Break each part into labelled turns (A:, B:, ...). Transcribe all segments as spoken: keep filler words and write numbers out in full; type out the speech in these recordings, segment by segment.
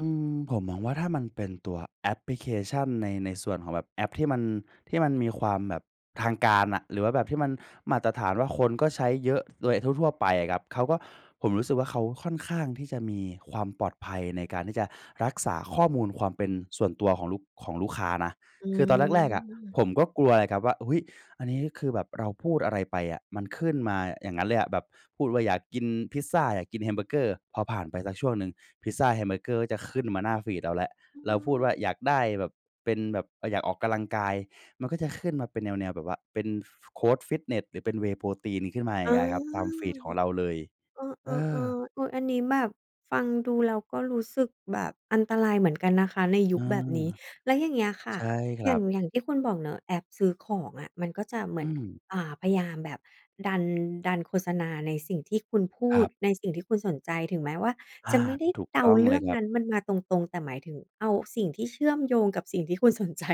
A: อืม ผมมองว่า ถ้ามันเป็นตัวแอปพลิเคชั่น ใน ในส่วนของแบบแอปที่มัน ที่มันมีความแบบทางการอะ หรือว่าแบบที่มันมาตรฐานว่า คนก็ใช้เยอะโดยทั่ว ๆ ไปอะครับ เขาก็ ผมรู้สึกว่า เขาค่อนข้างที่จะมีความปลอดภัย ในการที่จะรักษาข้อมูลความเป็นส่วนตัวของลูก ของลูกค้านะ
B: อื
A: คือ ตอนแรก ๆ อะ
B: ม
A: ผมก็กลัวอะครับว่า อุ๊ย อันนี้ คือ แบบเราพูดอะไรไปอะ มันขึ้นมาอย่างงั้นเลยอะ แบบพูดว่า อยากกินพิซซา อยากกินแฮมเบอร์เกอร์ พอผ่านไปสักช่วงหนึ่ง พิซซา แฮมเบอร์เกอร์จะขึ้นมาหน้าฟีดเราแล้ว
B: อื
A: เราพูดว
B: ม
A: ่า อยากได้แบบ เป็นแบบ เออ อยากออกกำลังกาย มันก็จะขึ้นมาเป็นแนว ๆ แบบว่าเป็น ฟ โคชฟิตเนส หรือเป็น Whey Protein ขึ้นมา อย่
B: อ
A: า
B: ๋อ
A: งเงี้ยครับ ตามฟีดของเราเลย
B: เอ
A: เอ
B: อ ๆ ๆ
A: อ
B: เออ อันนี้แบบฟังดู แล้วก็รู้สึกแบบอันตรายเหมือนกันนะคะในย
A: อื
B: ุคแบบ
A: อ
B: นี้ แล้วอย่างเงี้ยค่
A: ใ
B: ะ
A: ช่คร
B: อย
A: ั
B: ่า
A: บ
B: ง อย่างที่คุณบอกเนาะ แอปซื้อของอะ มันก็จะเหม
A: อ
B: ื
A: ื
B: อน
A: ม
B: อ่า พยายามแบบดัน ดันโฆษณาในสิ่งที่คุณพู
A: คร
B: ด
A: ับ
B: ในสิ่งที่คุณสนใจ ถึงแม้ว่า
A: อ
B: จ
A: า
B: ะไม่ได้
A: ถูก
B: เด
A: ต
B: า
A: ้อง
B: เร
A: เ
B: ื
A: ล
B: ่
A: ย
B: อง
A: ครั
B: น
A: บ
B: ั้น มันมาตรง ๆ แต่หมายถึงเอาสิ่งที่เชื่อมโยงกับสิ่งที่คุณ สนใจ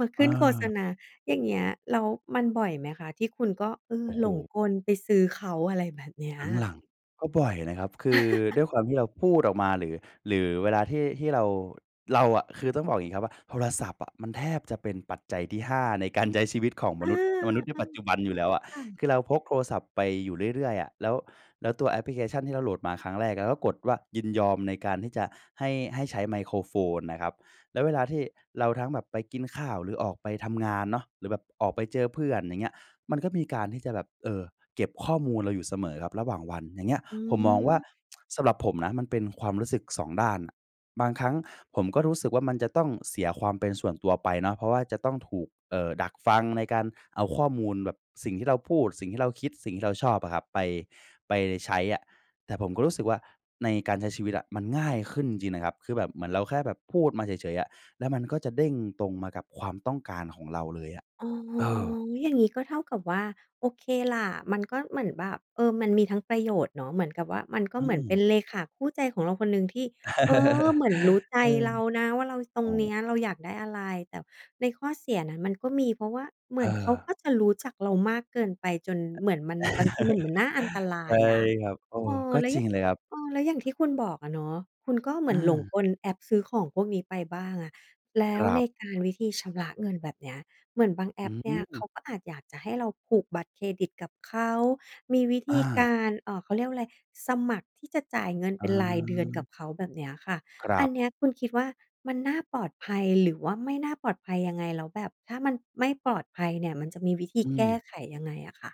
B: มาข
A: เ
B: ึ้นโฆษ
A: ออ
B: ณา อย่างเงี้ย แล้วมันบ่อยไหมคะ ที่คุณก็ เอ่
A: โ
B: อ
A: อ้โฮ
B: หลงกลไปซื้อเขา? อะไรแบบเนี้ย
A: หลัง ๆ ก็บ่อยนะครับ คือ ด้วยความที่เราพูดออกมา หรือ หรือเวลาที่ ที่เรา เราอะ คือต้องบอกอย่างงี้ครับว่า โทรศัพท์อะ มันแทบจะเป็นปัจจัยที่ ห้า ในการใช้ชีวิตของม
B: อา
A: นุษย์ มนุษย์ในปัจจ
B: ๆ
A: ุบันอยู่แล้วอะ
B: ค่ะ
A: คือ เราพกโทรศัพท์ไปอยู่เรื่อย ๆ อะ แล้ว แล้วตัวแอปพลิเคชัน ที่เราโหลดมาครั้งแรก แล้วก็กดว่ายินยอม ในการที่จะให้ ให้ใช้ไมโครโฟนนะครับ แล้วเวลาที่เราทั้งแบบไปกินข้าว หรือออกไปทำงานเนาะ หรือแบบออกไปเจอเพื่อน อย่างเงี้ย มันก็มีการที่จะแบบ เอ่อ เก็บข้อมูลเราอยู่เสมอครับ ระหว่างวัน อย่างเงี้ย
B: อื
A: ผมมองว่า
B: อ
A: สำหรับผมนะ มันเป็นความรู้สึก สอง ด้านอะ บางครั้งผมก็รู้สึกว่า มันจะต้องเสียความเป็นส่วนตัวไปเนาะ เพราะว่าจะต้องถูก เอ่อ ดักฟังในการเอาข้อมูลแบบ สิ่งที่เราพูด สิ่งที่เราคิด สิ่งที่เราชอบอะครับ ไป ไปใช้อะ แต่ผมก็รู้สึกว่า ในการใช้ชีวิตอะมันง่ายขึ้นจริง ๆ นะครับ คือแบบเหมือนเราแค่แบบพูดมาเฉย ๆ อะ แล้วมันก็จะเด้งตรงมากับความต้องการของเราเลยอะ
B: อ๋อ
A: เออ
B: อย่างนี้ ก็เท่ากับว่า โอเคล่ะ มันก็เหมือนแบบ เอ่อ มันมีทั้งประโยชน์เนาะ เหมือนกับว่า มันก็
A: อื
B: เหมือนเป็
A: ม
B: นเลขาคู่ใจของเราคนหนึ่ง ที่ เออ เหมือนรู้ใจ
A: เออ
B: เรานะว่า เราตร
A: อ๋
B: งนี
A: อ
B: ้ เราอยากได้อะไร แต่ในข้อเสียนั้น มันก็มี เพราะว่าเหม
A: เ
B: ือนเขา
A: ออ
B: ก็จะรู้จักเรามากเกินไป จนเหมือนมันบางทีมันน่าอันตร
A: ใ
B: า
A: ช
B: ย
A: ่
B: อะ
A: ครับ เอ
B: เอ
A: อ
B: อ
A: ก็
B: แล้ว
A: จ
B: อ
A: ร
B: ย
A: ิ
B: ่า
A: ง
B: ง
A: เลยครับ
B: เออ แล้วอย่างที่คุณบอกอะเนาะ คุณก็เหมื
A: อ
B: อนหลง
A: า
B: กล แอปซื้อของพวกนี้ไปบ้างอะ แล้
A: ค
B: ว
A: รั
B: ใน
A: บ
B: การวิธีชำระเงินแบบนี้ เหมือนบางแอ
A: อื
B: ปเนี่ย เข
A: ม
B: าก็อาจอยากจะให้เราผูกบัตรเครดิต กับเขามีวิธ
A: อ
B: ีก
A: า
B: าร เอ่อ เขาเรียกว่าอะไร สมัครที่จะจ่ายเงิน
A: อ
B: เป็นรายเดือนกั
A: า
B: บเขาแบบเนี้ยค่ะ
A: คร
B: อ
A: ั
B: ัน
A: บ
B: เนี้ยคุณคิดว่า มันน่าปลอดภัย หรือว่าไม่น่าปลอดภัยยังไง แล้วแบบถ้ามันไม่ปลอดภัยเนี่ย มันจะมีวิธี
A: อื
B: แก้
A: ม
B: ไขยังไงอะค่ะ?